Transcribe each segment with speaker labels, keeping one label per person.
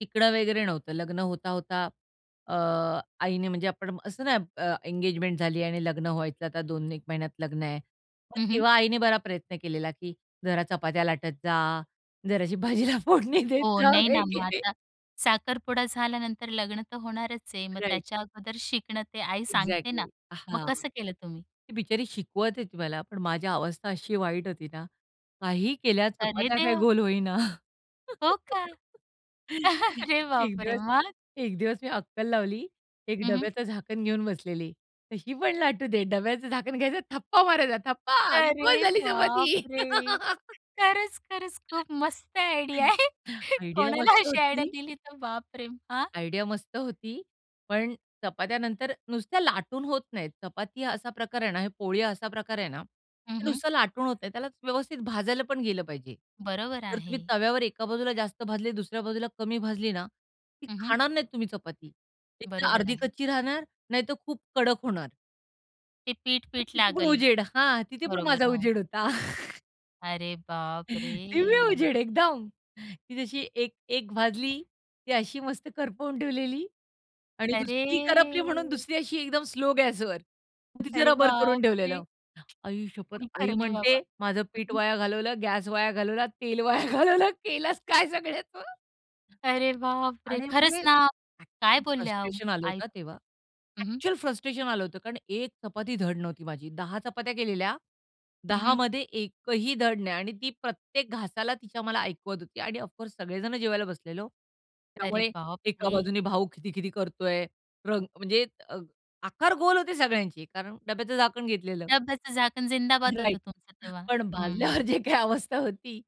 Speaker 1: तिकडा वगैरे नव्हतं लग्न होता होता अ, आईने म्हणजे आपण असतं ना. एंगेजमेंट झाली आणि लग्न व्हायचं आता दोन एक महिन्यात लग्न आहे मग
Speaker 2: हं, हं.
Speaker 1: तेव्हा आईने बरा प्रयत्न केलेला की, "जरा चपात्या लाटत जा, जराशी भाजीला फोडणी देत
Speaker 2: हो,
Speaker 1: जा
Speaker 2: नाही ना, मग
Speaker 1: वगैरे."
Speaker 2: आता साखरपुडा झाल्यानंतर लग्न तर होणारच आहे. मग
Speaker 1: राइट.
Speaker 2: त्याच्या अगोदर शिकणं ते आई सांगते ना.
Speaker 1: एक्झॅक्टली
Speaker 2: मग
Speaker 1: हां.
Speaker 2: कसं केलं तुम्ही?
Speaker 1: ती बिचारी शिकवत होती मला पण माझी अवस्था अशी वाईट होती ना. काही केल्या
Speaker 2: अरे!
Speaker 1: चपात्या काय
Speaker 2: देवा.
Speaker 1: गोल होईना.
Speaker 2: हो का? अरे
Speaker 1: एक
Speaker 2: बाप रे
Speaker 1: दिवस
Speaker 2: मग?
Speaker 1: एक दिवस मी अक्कल लावली, एक
Speaker 2: हं, हं.
Speaker 1: डब्याचं झाकण घेऊन बसलेली. तर ही पण लाटू दे डब्याचं झाकण घ्यायचं थप्पा मारायचा थप्पा. गोल
Speaker 2: अरे
Speaker 1: झाली
Speaker 2: बाप
Speaker 1: चपाती.
Speaker 2: रे! खरंच, खरंच खूप मस्त आयडिया आहे.
Speaker 1: [unintelligible] आयडिया
Speaker 2: कोणाला
Speaker 1: मस्त
Speaker 2: अशी आयडिया
Speaker 1: होती.
Speaker 2: दिली तर बापरे! हां.
Speaker 1: आयडिया मस्त होती, पण चपात्या नंतर नुसत्या लाटून होत नाहीत. चपाती हा असा प्रकार आहे ना, हे पोळी हा असा प्रकार आहे ना,
Speaker 2: हं,
Speaker 1: ते
Speaker 2: हं.
Speaker 1: नुसतं लाटून होत नाही. त्याला व्यवस्थित भाजायला पण गेलं पाहिजे.
Speaker 2: बरोबर
Speaker 1: जर तुम्ही
Speaker 2: आहे.
Speaker 1: तव्यावर एका बाजूला जास्त भाजली, दुसऱ्या बाजूला कमी भाजली ना, ती
Speaker 2: हं, हं.
Speaker 1: खाणार नाहीत तुम्ही. चपाती एकतर
Speaker 2: बरोबर
Speaker 1: अर्धी
Speaker 2: आहे.
Speaker 1: कच्ची राहणार, नाहीतर खूप कडक होणार.
Speaker 2: ते पीठ
Speaker 1: तर
Speaker 2: पीठ
Speaker 1: तिथे पण
Speaker 2: लागलं.
Speaker 1: उजेड, हा तिथे पण माझा
Speaker 2: बरोबर हो.
Speaker 1: उजेड होता.
Speaker 2: अरे बाप
Speaker 1: दिव्य
Speaker 2: रे!
Speaker 1: उजेड एकदम. ती जशी एक, एक भाजली, ती अशी मस्त करपवून ठेवलेली आणि
Speaker 2: अरे!
Speaker 1: दुसरी करपली म्हणून दुसरी अशी एकदम स्लो गॅसवर मग तिचं
Speaker 2: अरे
Speaker 1: रबर करून
Speaker 2: बाप रे!
Speaker 1: ठेवलेलं. आई शपथ,
Speaker 2: काही
Speaker 1: आई
Speaker 2: खरं नाही बाबा.
Speaker 1: म्हणते, "माझं पीठ वाया घालवलं, गॅस वाया घालवला, तेल वाया घालवलं, केलंस काय सगळ्याच."
Speaker 2: अरे बाप रे!
Speaker 1: आणि
Speaker 2: खरंच
Speaker 1: म्हणजे
Speaker 2: ना. काय
Speaker 1: खूप
Speaker 2: बोलल्या आहो
Speaker 1: फ्रस्ट्रेशन आलं
Speaker 2: आई
Speaker 1: होतं तेव्हा.
Speaker 2: तुमच्या. हं, हं.
Speaker 1: एक्चुअल फ्रस्ट्रेशन आलं होतं. कारण एक चपाती धड नव्हती माझी. 10 चपात्या केलेल्या,
Speaker 2: हं, हं.
Speaker 1: 10मध्ये एकही धड नाही. आणि ती प्रत्येक घासाला तिच्या मला ऐकवत होती. आणि ऑफ कोर्स सगळे जण जेवायला बसलेलो.
Speaker 2: अरे
Speaker 1: त्यामुळे
Speaker 2: बाप
Speaker 1: एका
Speaker 2: रे!
Speaker 1: बाजूने भाऊ खिदि-खिदि करतोय, रंग म्हणजे अ, आकार गोल होते सगळ्यांचे, कारण डब्याचं झाकण घेतलेलं.
Speaker 2: डब्याचं झाकण जिंदाबाद होतं
Speaker 1: राइट
Speaker 2: तुमचं तेव्हा,
Speaker 1: पण भाजल्यावर
Speaker 2: हं.
Speaker 1: जे काही अवस्था होती.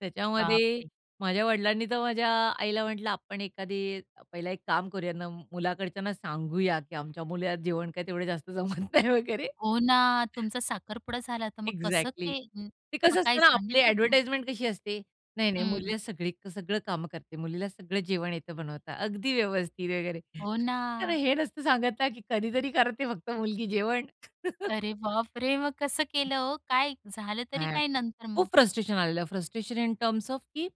Speaker 1: त्याच्यामध्ये
Speaker 2: बापरे!
Speaker 1: माझ्या वडिलांनी तर माझ्या आईला म्हटलं, "आपण एखादी पहिला एक काम करूया. मुलाकडच्यांना सांगूया, की आमच्या मुलीला जेवण काय तेवढं जास्त जमत नाही वगैरे."
Speaker 2: हो ना, तुमचा साखरपुडा झाला, तर मग कसं
Speaker 1: एक्झॅक्टली
Speaker 2: ते
Speaker 1: ते
Speaker 2: मग
Speaker 1: कसं असतं
Speaker 2: काय
Speaker 1: ना आपली
Speaker 2: सांगितलं ना?
Speaker 1: एडव्हर्टाइजमेंट कशी असते. नाही-नाही
Speaker 2: हं.
Speaker 1: मुलीला सगळी सगळं काम करते मुलीला सगळं जेवण येतं बनवता अगदी व्यवस्थित वगैरे.
Speaker 2: हो
Speaker 1: कारण
Speaker 2: ना.
Speaker 1: हे नसतं सांगत नाही की कधीतरी करते फक्त मुलगी जेवण
Speaker 2: अरे बाप रे! मग कसं केलं हो? काय झालं तरी
Speaker 1: हां,
Speaker 2: काय, नंतर
Speaker 1: खूप
Speaker 2: मग?
Speaker 1: फ्रस्ट्रेशन आलेलं. फ्रस्ट्रेशन इन टर्म्स ऑफ की